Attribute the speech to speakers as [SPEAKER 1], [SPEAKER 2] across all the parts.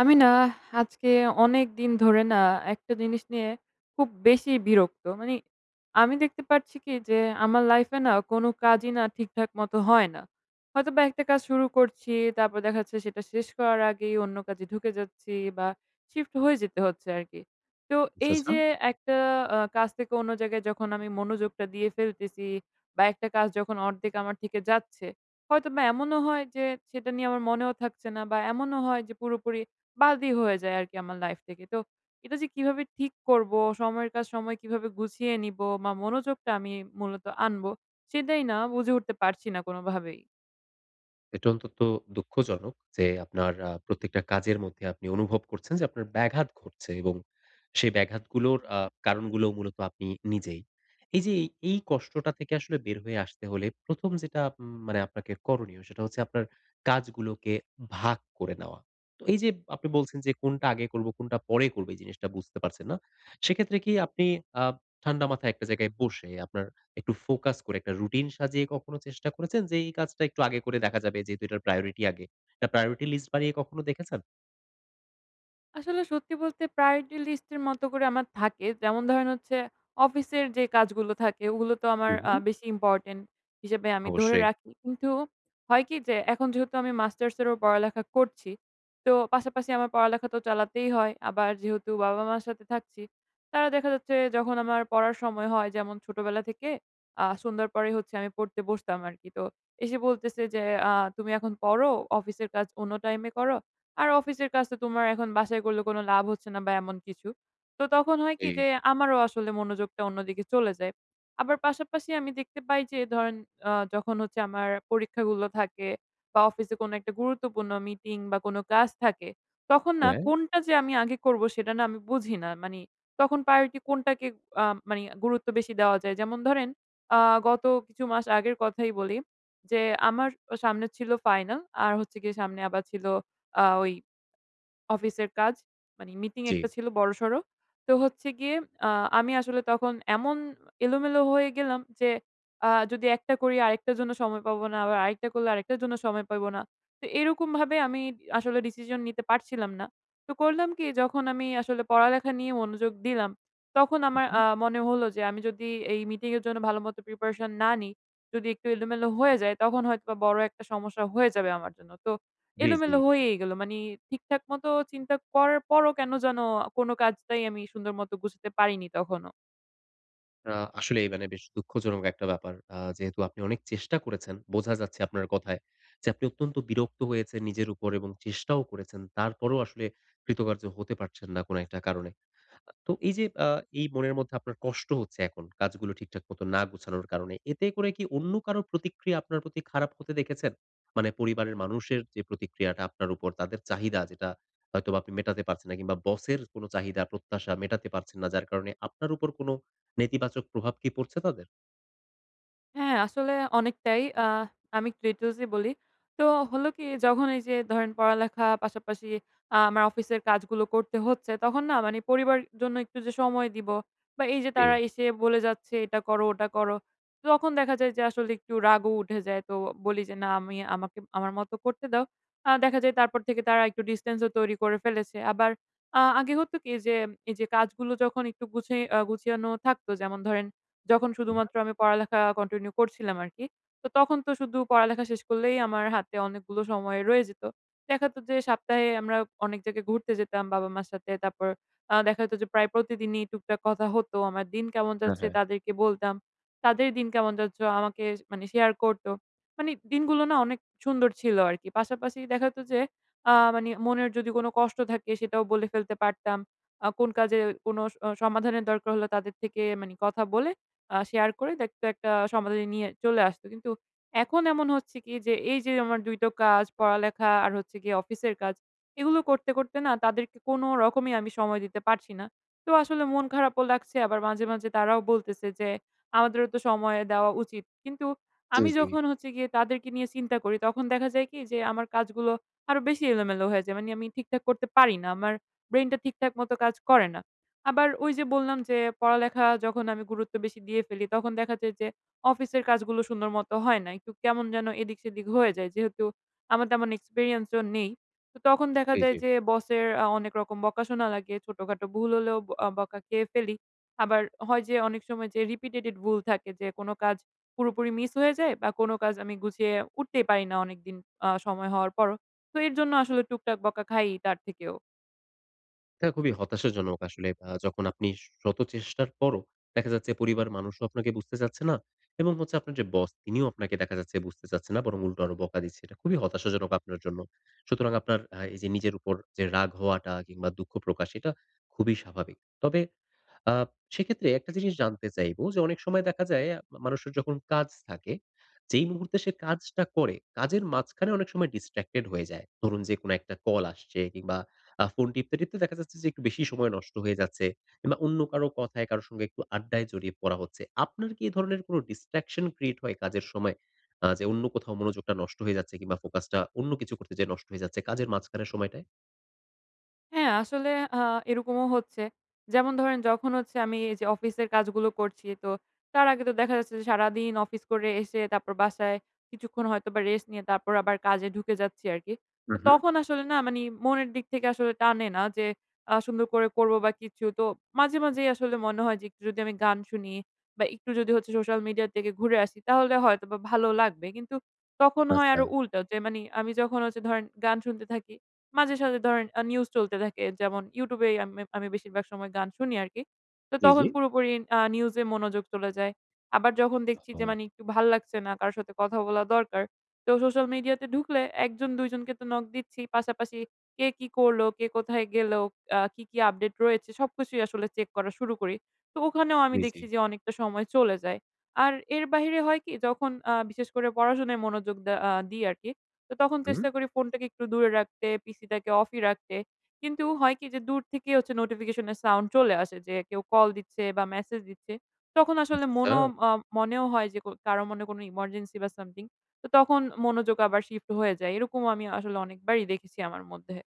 [SPEAKER 1] আমি না আজকে অনেকদিন ধরে না, একটা জিনিস নিয়ে খুব বেশিই বিরক্ত। মানি আমি দেখতে পারছি কি? যে, আমার লাইফ এ না কোন কাজই না ঠিকঠাক মতো হয় না। হয়তোবা একটা কাজ শুরু করছি, তারপর দেখা যাচ্ছে সেটা শেষ করার আগেই অন্য কাজে ঢুকে যাচ্ছি, বা শিফট হয়ে যেতে হচ্ছে আরকি। তো
[SPEAKER 2] আচ্ছা,
[SPEAKER 1] এই
[SPEAKER 2] আচ্ছা।
[SPEAKER 1] যে একটা আ কাজ থেকে অন্য জায়গায় যখন আমি মনোযোগটা দিয়ে ফেলতেছি, বা একটা কাজ যখন অর্ধেক আমার থেকে যাচ্ছে, হয়তোবা এমনও হয় যে সেটা নিয়ে আমার মনেও থাকছে না, বা এমনও হয় যে পুরোপুরি বাদই হয়ে যায় আরকি আমার লাইফ থেকে। তো এটা যে কিভাবে ঠিক করবো? সময়ের কাজ সময় কিভাবে গুছিয়ে নিব? মা মনোযোগটা আমি মূলত আনব? সেটাই না বুঝে উঠতে পারছি না কোনভাবেই।
[SPEAKER 2] এটা অন্তত দুঃখজনক যে, আপনার আ প্রত্যেকটা কাজের মধ্যে আপনি অনুভব করছেন যে, আপনার ব্যাঘাত ঘটছে এবং সেই ব্যাঘাতগুলোর আ কারণগুলো মূলত আপনি নিজেই। এই যে এ এই কষ্টটা থেকে আসলে বের হয়ে আসতে হলে, ১ম যেটা উম মানে আপনাকে করণীয়। সেটা হচ্ছে আপনার কাজগুলোকে ভাগ করে নেওয়া। তো এই যে আপনি বলছেন যে, "কোনটা আগে করব, কোনটা পরে করব।" এই জিনিসটা বুঝতে পারছেন না। সেক্ষেত্রে কি আপনি আ ঠান্ডা মাথায় একটা জায়গায় বসে, আপনার একটু ফোকাস করে একটা রুটিন সাজিয়ে, কখনো চেষ্টা করেছেন? যে, এই কাজটা একটু আগে করে দেখা যাবে যেহেতু এটার প্রায়োরিটি আগে? একটা প্রায়োরিটি লিস্ট বানিয়ে কখনো দেখেছেন?
[SPEAKER 1] আসলে সত্যি বলতে প্রায়োরিটি লিস্টের মতো করে আমার থাকে। যেমন ধরেন হচ্ছে, অফিসের যে কাজগুলো থাকে, ওগুলো তো আমার
[SPEAKER 2] হুম,
[SPEAKER 1] আ
[SPEAKER 2] হুম।
[SPEAKER 1] বেশি ইম্পর্টেন্ট হিসেবে আমি ধরে
[SPEAKER 2] অবশ্যই।
[SPEAKER 1] রাখি। কিন্তু হয় কি? যে এখন যেহেতু আমি মাস্টার্সেরও পড়ালেখা করছি। তো পাশাপাশি আমার পড়ালেখা তো চালাতেই হয়। আবার যেহেতু বাবা-মার সাথে থাকছি, তারা দেখা যাচ্ছে যখন আমার পড়ার সময় হয়, যেমন ছোটবেলা থেকে আ সন্ধ্যর পরেই হচ্ছে আমি পড়তে বসতাম আরকি। তো এসে বলতেছে যে, "আ তুমি এখন পড়ো, অফিসের কাজ অন্য টাইমে করো। আর অফিসের কাজ তো তোমার এখন বাসায় করলে কোন লাভ হচ্ছে না বা, এমন কিছু।" তো তখন হয় কি?
[SPEAKER 2] জি।
[SPEAKER 1] যে আমারও আসলে মনোযোগটা অন্যদিকে চলে যায়। আবার পাশাপাশি আমি দেখতে পাই যে ধরেন অ যখন হচ্ছে আমার পরীক্ষাগুলো থাকে বা, অফিসে কোনো একটা গুরুত্বপূর্ণ মিটিং বা, কোন ক্লাস থাকে, তখন না
[SPEAKER 2] হ্যাঁ।
[SPEAKER 1] কোনটা যে আমি আগে করবো? সেটা না আমি বুঝি না। মানি তখন প্রায়োরিটি কোনটাকে আম মানি গুরুত্ব বেশি দেওয়া যায়। যেমন ধরেন আ গত কিছু মাস আগের কথাই বলি যে, আমার স সামনে ছিল ফাইনাল, আর হচ্ছে গিয়ে সামনে আবার ছিল আ ওই অফিসের কাজ। মানে মিটিং একটা
[SPEAKER 2] জি।
[SPEAKER 1] ছিল বড়সড়। তো হচ্ছে গিয়ে আ আমি আসলে তখন এমন এলোমেলো হয়ে গেলাম যে আ যদি একটা করি, আরেকটার জন্য সময় পাবো না। আবার আরেকটা করলে, আরেকটার জন্য সময় পাবো না। তো এরকমভাবে আমি দি আসলে ডিসিশন নিতে পারছিলাম না। তো করলাম কি? যখন আমি আসলে পড়ালেখা নিয়ে মনোযোগ দিলাম। তখন
[SPEAKER 2] হুম,
[SPEAKER 1] আমার
[SPEAKER 2] হুম।
[SPEAKER 1] আ মনে হলো যে আমি যদি এই মিটিংয়ের জন্য ভালো মতো প্রিপারেশন না নিই, যদি একটু এলোমেলো হয়ে যায়, তখন হয়তো বড় একটা সমস্যা হয়ে যাবে আমার জন্য। তো
[SPEAKER 2] জি, জি।
[SPEAKER 1] এলোমেলো হয়েই গেলো। মানি ঠিকঠাকমতো চিন্তা করার পরও কেন যেন কোন কাজটাই আমি সুন্দর মত গুছাতে পারিনি তখনো।
[SPEAKER 2] আ আসলে এই মানে বেশ দুঃখজনক একটা ব্যাপার। আ যেহেতু আপনি অনেক চেষ্টা করেছেন, বোঝা যাচ্ছে আপনার কথায় যে, আপনি অত্যন্ত বিরক্ত হয়েছেন নিজের উপর এবং চেষ্টাও করেছেন। তারপরেও আসলে কৃতকার্য হতে পারছেন না, কোন একটা কারণে। আ তো এই যে আ এই মনের মধ্যে আপনার কষ্ট হচ্ছে, এখন কাজগুলো ঠিকঠাক মতো না গোছানোর কারণে। এতে করে কি অন্য কারো প্রতিক্রিয়া আপনার প্রতি খারাপ হতে দেখেছেন? মানে পরিবারের মানুষের যে প্রতিক্রিয়াটা আপনার উপর তাদের চাহিদা যেটা, হয়তোবা আপনি মেটাতে পারছেন না, কিংবা বসের কোন চাহিদা প্রত্যাশা মেটাতে পারছেন না, যার কারণে আপনার উপর কোন নেতিবাচক প্রভাব কি পড়ছে তাদের?
[SPEAKER 1] হ্যাঁ, আসলে অনেকটাই। আ আমি ক্রেটোজে বলি। তো হলো কি? যখন এই যে ধরেন পড়ালেখা পাশাপাশি আ আমার অফিসের কাজগুলো করতে হচ্ছে, তখন না মানে পরিবারের জন্য একটু যে সময় দিব, বা এই যে তারা
[SPEAKER 2] জি।
[SPEAKER 1] এসে বলে যাচ্ছে, "এটা করো, ওটা করো।" তখন দেখা যায় যে, আসলে একটু রাগও উঠে যায়। তো বলি যে, "না আমি আমাকে, আমার মতো করতে দাও।" আ দেখা যায় তারপর থেকে তারা একটু ডিসট্যান্স ও তৈরি করে ফেলেছে। আবার আ আগে হতো কি? যে, এই যে কাজগুলো যখন একটু গুছায় আ গুছানো থাকতো, যেমন ধরেন যখন
[SPEAKER 2] এ হ্যাঁ।
[SPEAKER 1] শুধুমাত্র আমি পড়ালেখা কন্টিনিউ করছিলাম আরকি। তো তখন তো শুধু পড়ালেখা শেষ করলেই আমার হাতে অনেকগুলো সময় রয়ে যেত। দেখাত যে সপ্তাহে আমরা অনেক জায়গায় ঘুরতে যেতাম, বাবা-মার সাথে। তারপর আ দেখা যেত যে প্রায় প্রতিদিনই টুকটাক কথা হতো। আমার দিন কেমন
[SPEAKER 2] হ্যাঁ,
[SPEAKER 1] যাচ্ছে,
[SPEAKER 2] হ্যাঁ।
[SPEAKER 1] তাদেরকে বলতাম। তাদের দিন কেমন যাচ্ছে, ও আমাকে শ মানে শেয়ার করত। মানে দিনগুলো না অনেক সুন্দর ছিল আরকি। পাশাপাশি দেখা যেত যে, আ মানি মনের যদি কোন কষ্ট থাকে, সেটাও বলে ফেলতে পারতাম। আ কোন কাজে কোন স অ সমাধানের দরকার হলো, তাদের থেকে মানি কথা বলে, আ শেয়ার করে দেখতো একটা সমাধান নিয়ে চলে আসত। কিন্তু এখন এমন হচ্ছে কি? যে, এই যে আমার ২ টো কাজ পড়ালেখা, আর হচ্ছে গিয়ে অফিসের কাজ, এগুলো করতে, করতে না তাদেরকে কোনো রকমই আমি সময় দিতে পারছি না। তো আসলে মন খারাপও লাগছে আবার মাঝে, মাঝে তারাও বলতেছে যে, "আমাদেরও তো সময় দেওয়া উচিত।" কিন্তু
[SPEAKER 2] জি,
[SPEAKER 1] আমি
[SPEAKER 2] জি।
[SPEAKER 1] যখন হচ্ছে গিয়ে তাদেরকে নিয়ে চিন্তা করি, তখন দেখা যায় কি? যে, আমার কাজগুলো আরো বেশি এলোমেলো হয়ে যায়। মানি আমি ঠিকঠাক করতে পারি না। আমার ব্রেইন টা ঠিকঠাক মতো কাজ করে না। আবার ওই যে বললাম যে, পড়ালেখা যখন আমি গুরুত্ব বেশি দিয়ে ফেলি। তখন দেখা যায় যে, অফিসের কাজগুলো সুন্দর মতো হয় না। একটু কেমন যেন এদিক-সেদিক হয়ে যায় যেহেতু আমার তেমন এক্সপেরিয়েন্স ও নেই। তো তখন দেখা
[SPEAKER 2] জি,
[SPEAKER 1] যায়,
[SPEAKER 2] জি।
[SPEAKER 1] যে বসের আ অনেক রকম বকা শোনা লাগে, ছোটোখাটো ভুল হলেও অ বকা খেয়ে ফেলি। আবার হয় যে অনেক সময় যে রিপিটেটেড ভুল থাকে যে, কোনো কাজ পুরোপুরি মিস হয়ে যায়, বা কোনো কাজ আমি গুছিয়ে উঠতেই পারি না, অনেকদিন আ সময় হওয়ার পরও তো এর জন্য আসলে টুকটাক বকা খাই তার থেকেও।
[SPEAKER 2] এটা খুবই হতাশাজনক আসলে। আ যখন আপনি শত চেষ্টার পরও দেখা যাচ্ছে পরিবারের মানুষও আপনাকে বুঝতে চাচ্ছে না, এবং হচ্ছে আপনার যে, বস, তিনিও আপনাকে দেখা যাচ্ছে বুঝতে চাচ্ছে না বরং উল্টো আরও বকা দিচ্ছে। এটা খুবই হতাশাজনক আপনার জন্য। সুতরাং আপনার আ এই যে, নিজের ওপর যে, রাগ হওয়াটা কিংবা দুঃখ প্রকাশ, এটা খুবই স্বাভাবিক। তবে আ সে ক্ষেত্রে একটা জিনিস জানতে চাইব যে, অনেক সময় দেখা যায় মানুষের যখন কাজ থাকে, যেই মুহূর্তে সে কাজটা করে, কাজের মাঝখানে অনেক সময় distracted হয়ে যায়। ধরুন যে, কোনো একটা call আসছে কিংবা আ ফোন টিপতে, টিপতে দেখা যাচ্ছে যে, একটু বেশি সময় নষ্ট হয়ে যাচ্ছে। কিংবা অন্য কারও কথায় কারও সঙ্গে একটু আড্ডায় জড়িয়ে পড়া হচ্ছে। আপনার কি এ ধরনের কোনো distraction create হয় কাজের সময়? আ যে অন্য কোথাও মনোযোগটা নষ্ট হয়ে যাচ্ছে কিংবা ফোকাসটা অন্য কিছু করতে যেয়ে নষ্ট হয়ে যাচ্ছে কাজের মাঝখানের সময়টায়?
[SPEAKER 1] হ্যাঁ, আসলে আ এরকমও হচ্ছে। যেমন ধরেন যখন হচ্ছে আমি এই যে, অফিসের কাজগুলো করছি, তো তার আগে তো দেখা যাচ্ছে যে, সারাদিন অফিস করে এসে তারপর বাসায় কিছুক্ষণ হয়তোবা rest নিয়ে তারপর আবার কাজে ঢুকে যাচ্ছি আরকি। তো
[SPEAKER 2] হুম, হুম।
[SPEAKER 1] তখন আসলে না মানে, মনের দিক থেকে আসলে টানে না যে, আ সুন্দর করে করব বা কিছু। তো মাঝে মাঝেই আসলে মনে হয় যে, একটু যদি আমি গান শুনি বা একটু যদি হচ্ছে social media এর থেকে ঘুরে আসি, তাহলে হয়তোবা ভালো লাগবে। কিন্তু তখন হয় আরও
[SPEAKER 2] আচ্ছা।
[SPEAKER 1] উল্টো যে, মানে আমি যখন হচ্ছে ধরেন গান শুনতে থাকি, মাঝে সাঝে ধরেন আ news চলতে থাকে। যেমন YouTube এই আম আমি বেশিরভাগ সময় গান শুনি আরকি। তো
[SPEAKER 2] জ্বী,
[SPEAKER 1] তখন
[SPEAKER 2] জ্বী।
[SPEAKER 1] পুরোপুরি আ news এ মনোযোগ চলে যায়। আবার যখন দেখছি যে,
[SPEAKER 2] ওহহো!
[SPEAKER 1] মানে একটু ভাল লাগছে না, কার সাথে কথা বলা দরকার, তো social media তে ঢুকলে ১ জন-২ জনকে তো knock দিচ্ছি, পাশাপাশি কে কী করল, কে কোথায় গেল? আ কী, কী update রয়েছে? সবকিছুই আসলে check করা শুরু করি। তো ওখানেও আমি
[SPEAKER 2] জ্বী, জ্বী।
[SPEAKER 1] দেখছি যে, অনেকটা সময় চলে যায়। আর এর বাহিরে হয় কী, যখন আ বিশেষ করে পড়াশোনায় মনোযোগ দে আ দিই আরকি, তো তখন
[SPEAKER 2] হুম।
[SPEAKER 1] চেষ্টা করি ফোনটাকে একটু দূরে রাখতে, PC টাকে off ই রাখতে। কিন্তু হয় কী যে, দূর থেকেই হচ্ছে notification এর sound চলে আসে যে, কেউ call দিচ্ছে বা message দিচ্ছে। তখন আসলে
[SPEAKER 2] আচ্ছা,
[SPEAKER 1] মনও
[SPEAKER 2] আচ্ছা।
[SPEAKER 1] আ মনেও হয় যে, ক কারও মনে হয় কোনো emergency বা something। তো তখন মনোযোগ আবার shift হয়ে যায়। এরকম আমি আসলে অনেকবারই দেখেছি আমার মধ্যে।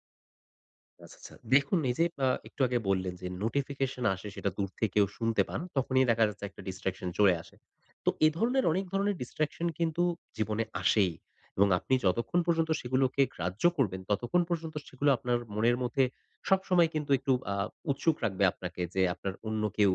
[SPEAKER 2] আচ্ছা, আচ্ছা দেখুন এইযে আ একটু আগে বললেন যে, notification আসে সেটা দূর থেকেও কেউ শুনতে পান তখনই দেখা যাচ্ছে একটা distraction চলে আসে। তো এ ধরনের অনেক ধরনের distraction কিন্তু জীবনে আসেই এবং আপনি যতক্ষণ পর্যন্ত সেগুলোকে গ্রাহ্য করবেন ততক্ষণ পর্যন্ত সেগুলো আপনার মনের মধ্যে সবসময় কিন্তু একটু আ উৎসুক রাখবে আপনাকে যে, আপনার অন্য কেউ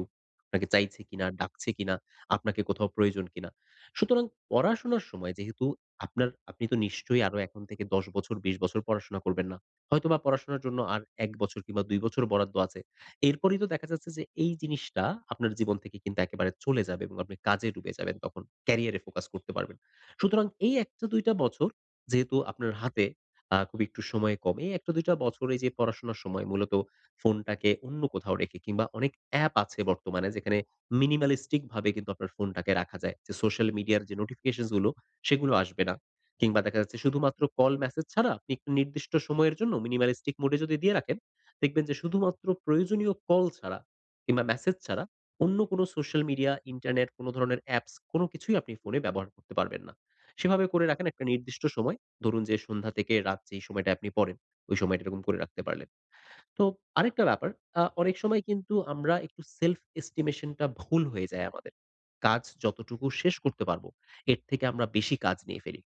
[SPEAKER 2] আপনাকে চাইছে কিনা ডাকছে কিনা। আপনাকে কোথাও প্রয়োজন কিনা। সুতরাং, পড়াশোনার সময় যেহেতু আপনার আপনি তো নিশ্চয়ই আরো এখন থেকে ১০ বছর ২০ বছর পড়াশোনা করবেন না। হয়তোবা পড়াশোনার জন্য আর ১ বছর কিংবা ২ বছর বরাদ্দ আছে। এরপরেই তো দেখা যাচ্ছে যে, এই জিনিসটা আপনার জীবন থেকে কিন্তু একেবারে চলে যাবে এবং আপনি কাজে ডুবে যাবেন তখন ক্যারিয়ারে ফোকাস করতে পারবেন। সুতরাং, এই ১ টা ২ টা বছর যেহেতু আপনার হাতে আ খুবই একটু সময় কম, এই ১ টা ২ টা বছর এইযে পড়াশোনার সময় মূলত ফোনটাকে অন্য কোথাও রেখে কিংবা অনেক app আছে বর্তমানে যেখানে minimalistic ভাবে কিন্তু আপনার ফোনটাকে রাখা যায়। যে, social media এর যে, notifications গুলো সেগুলো আসবে না কিংবা দেখা যাচ্ছে শুধুমাত্র call message ছাড়া আপনি নির্দিষ্ট সময়ের জন্য minimalistic mode এ যদি দিয়ে রাখেন দেখবেন যে, শুধুমাত্র প্রয়োজনীয় call ছাড়া কিংবা message ছাড়া অন্য কোনো social media, internet কোন ধরনের apps কোন কিছুই আপনি ফোনে ব্যবহার করতে পারবেন না। সেভাবে করে রাখেন একটা নির্দিষ্ট সময় ধরুন যে, সন্ধ্যা থেকে রাত যেই সময়টায় আপনি পড়েন, ওই সময়টা এরকম করে রাখতে পারলেন। তো আরেকটা ব্যাপার, আ অনেক সময় কিন্তু আমরা একটু self estimation টা ভুল হয়ে যায় আমাদের। কাজ যতটুকু শেষ করতে পারব এর থেকে আমরা বেশি কাজ নিয়ে ফেলি।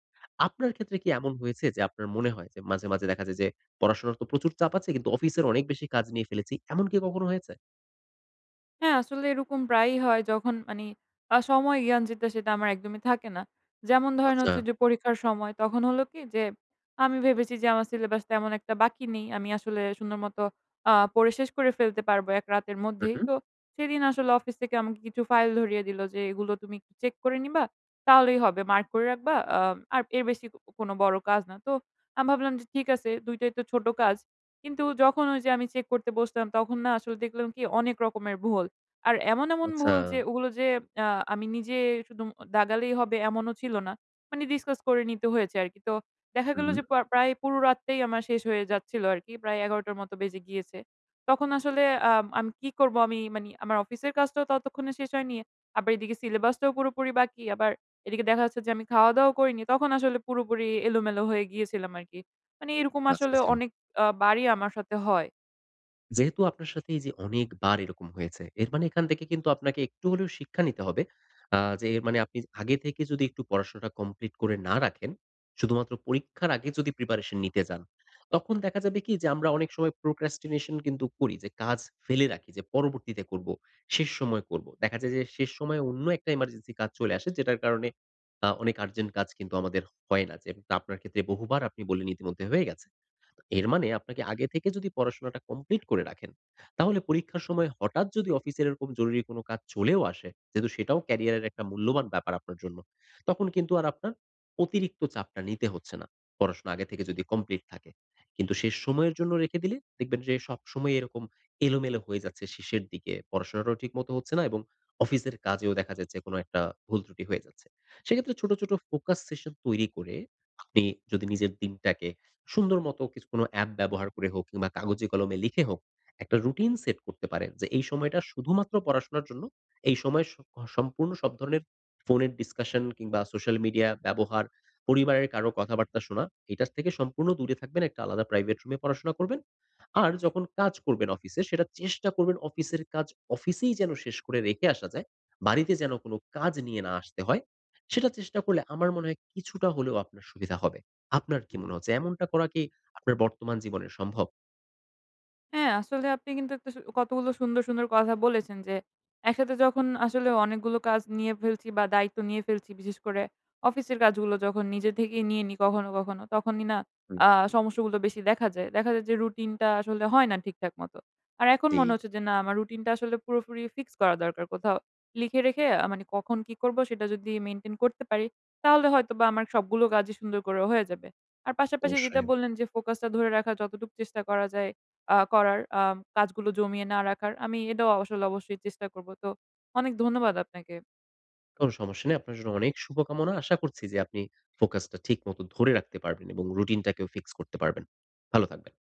[SPEAKER 2] আপনার ক্ষেত্রে কি এমন হয়েছে যে, আপনার মনে হয় যে, মাঝে, মাঝে দেখা যায় যে, পড়াশোনার তো প্রচুর চাপ আছে কিন্তু অফিসের অনেক বেশি কাজ নিয়ে ফেলেছি, এমন কি কখনো হয়েছে?
[SPEAKER 1] হ্যাঁ, আসলে এরকম প্রায়ই হয়। যখন মানি আ সময় জ্ঞান যেটা, সেটা আমার একদমই থাকে না। যেমন ধরেন
[SPEAKER 2] আচ্ছা।
[SPEAKER 1] হচ্ছে যে, পরীক্ষার সময়, তখন হলো কি? যে, আমি ভেবেছি যে, আমার সিলেবাস তেমন একটা বাকি নেই। আমি আসলে সুন্দর মত আ পড়ে শেষ করে ফেলতে পারব, ১ রাতের
[SPEAKER 2] হু,
[SPEAKER 1] মধ্যেই।
[SPEAKER 2] হু।
[SPEAKER 1] তো সেদিন আসলে অফিস থেকে আমাকে কিছু ফাইল ধরিয়ে দিলো, যে এগুলো তুমি একটু চেক করে নিবা। তাহলেই হবে। মার্ক করে রাখবা। আ আর এর বেশি কোন বড় কাজ না। তো আমি ভাবলাম, যে ঠিক আছে ২ টাই তো ছোট কাজ। কিন্তু যখন ওই যে, আমি চেক করতে বসতাম, তখন না আসলে দেখলাম কি? অনেক রকমের ভুল। আর এমন, এমন ভুল যে
[SPEAKER 2] আচ্ছা।
[SPEAKER 1] ওগুলো যে আ আমি নিজে সু দুম দাগালেই হবে এমনও ছিল না। মানি ডিসকাস করে নিতে হয়েছে আরকি। তো দেখা
[SPEAKER 2] হু,
[SPEAKER 1] গেল
[SPEAKER 2] হু।
[SPEAKER 1] যে, প প্রায় পুরো রাতটাই আমার শেষ হয়ে যাচ্ছিল আরকি। প্রায় ১১ঃ০০ টার মতো বেজে গিয়েছে। তখন আসলে আ আমি কি করব? আমি মানি আমার অফিসের কাজটাও ততক্ষণে শেষ হয়নি। আবার এইদিকে সিলেবাসটাও পুরোপুরি বাকি। আবার এইদিকে দেখা যাচ্ছে যে, আমি খাওয়া-দাওয়াও করিনি। তখন আসলে পুরোপুরি এলোমেলো হয়ে গিয়েছিলাম আরকি। মানি এরকম
[SPEAKER 2] আচ্ছা,
[SPEAKER 1] আসলে
[SPEAKER 2] আচ্ছা।
[SPEAKER 1] অনেক আ বারই আমার সাথে হয়।
[SPEAKER 2] যেহেতু আপনার সাথে এই যে, অনেকবার এরকম হয়েছে। এর মানে এখান থেকে কিন্তু আপনাকে একটু হলেও শিক্ষা নিতে হবে। আ যে এর মানে আপনি আগে থেকে যদি একটু পড়াশোনাটা কমপ্লিট করে না রাখেন। শুধুমাত্র পরীক্ষার আগে যদি প্রিপারেশন নিতে যান, তখন দেখা যাবে কি? যে, আমরা অনেক সময় প্রোকাস্টিনেশন কিন্তু করি যে, কাজ ফেলে রাখি যে পরবর্তীতে করব, শেষ সময় করবো। দেখা যায় যে, শেষ সময় অন্য একটা এমার্জেন্সি কাজ চলে আসে। যেটার কারণে আ অনেক আর্জেন্ট কাজ কিন্তু আমাদের হয় না। যে তা আপনার ক্ষেত্রে বহুবার আপনি বললেন, ইতিমধ্যে হয়ে গেছে। তো এর মানে আপনাকে আগে থেকে যদি পড়াশোনাটা কমপ্লিট করে রাখেন, তাহলে পরীক্ষার সময় হঠাৎ যদি অফিসের এরকম জরুরী কোন কাজ চলেও আসে, যেহেতু সেটাও ক্যারিয়ারের একটা মূল্যবান ব্যাপার আপনার জন্য। তখন কিন্তু আর আপনার অতিরিক্ত চাপটা নিতে হচ্ছে না। পড়াশোনা আগে থেকে যদি কমপ্লিট থাকে। কিন্তু শেষ সময়ের জন্য রেখে দিলে দেখবেন, যে সবসময় এরকম এলোমেলো হয়ে যাচ্ছে শেষের দিকে। পড়াশোনাটাও ঠিক মতো হচ্ছে না এবং অফিসের কাজেও দেখা যাচ্ছে কোন একটা ভুলত্রুটি হয়ে যাচ্ছে। সেক্ষেত্রে ছোট, ছোট ফোকাস সেশন তৈরি করে আপনি যদি নিজের দিনটাকে সুন্দর মত, কিছু কোনো অ্যাপ ব্যবহার করে হোক কিংবা কাগজে কলমে লিখে হোক, একটা রুটিন সেট করতে পারেন। যে, এই সময় শুধুমাত্র পড়াশোনার জন্য এই সময়ে স সম্পূর্ণ সব ধরণের ফোনের ডিসকাশন কিংবা সোশ্যাল মিডিয়া ব্যবহার পরিবারের কারো কথাবার্তা শোনা, এটার থেকে সম্পূর্ণ দূরে থাকবেন। একটা আলাদা প্রাইভেট রুমে পড়াশোনা করবেন। আর যখন কাজ করবেন অফিসে সেটা চেষ্টা করবেন, অফিসের কাজ অফিসেই যেন শেষ করে রেখে আসা যায়। বাড়িতে যেন কোন কাজ নিয়ে না আসতে হয়, সেটা চেষ্টা করলে আমার মনে হয় কিছুটা হলেও আপনার সুবিধা হবে। আপনার কি মনে হচ্ছে? এমনটা করা কি আপনার বর্তমান জীবনে সম্ভব?
[SPEAKER 1] হ্যাঁ, আসলে আপনি কিন্তু একটা সু কতগুলো সুন্দর, সুন্দর কথা বলেছেন। যে, একসাথে যখন আসলে অনেকগুলো কাজ নিয়ে ফেলছি, বা দায়িত্ব নিয়ে ফেলছি, বিশেষ করে অফিসের কাজগুলো যখন নিজে থেকেই নিয়ে নিই, কখনো, কখনো। তখনই না
[SPEAKER 2] হুম।
[SPEAKER 1] আ সমস্যাগুলো বেশি দেখা যায়। দেখা যায় যে, রুটিন টা আসলে হয় না ঠিকঠাক মতো। আর এখন মনে
[SPEAKER 2] জী।
[SPEAKER 1] হচ্ছে, যে না আমার রুটিন টা আসলে পুরোপুরি ফিক্স করা দরকার। কোথাও লিখে রেখে আ মানি কখন কি করব, সেটা যদি মেইনটেইন করতে পারি, তাহলে হয়তোবা আমার সবগুলো কাজই সুন্দর করে হয়ে যাবে। আর পাশাপাশি যেটা
[SPEAKER 2] অবশ্যই।
[SPEAKER 1] বললেন, যে ফোকাস টা ধরে রাখার যতটুকু চেষ্টা করা যায়, আ করার আ কাজগুলো জমিয়ে না রাখার। আমি এটাও আসলে অবশ্যই চেষ্টা করব। তো অনেক ধন্যবাদ আপনাকে।
[SPEAKER 2] কোন সমস্যা নেই। আপনার জন্য অনেক শুভকামনা। আশা করছি যে, আপনি ফোকাসটা ঠিক মতো ধরে রাখতে পারবেন এবং রুটিন টাকেও ফিক্স করতে পারবেন। ভালো থাকবেন।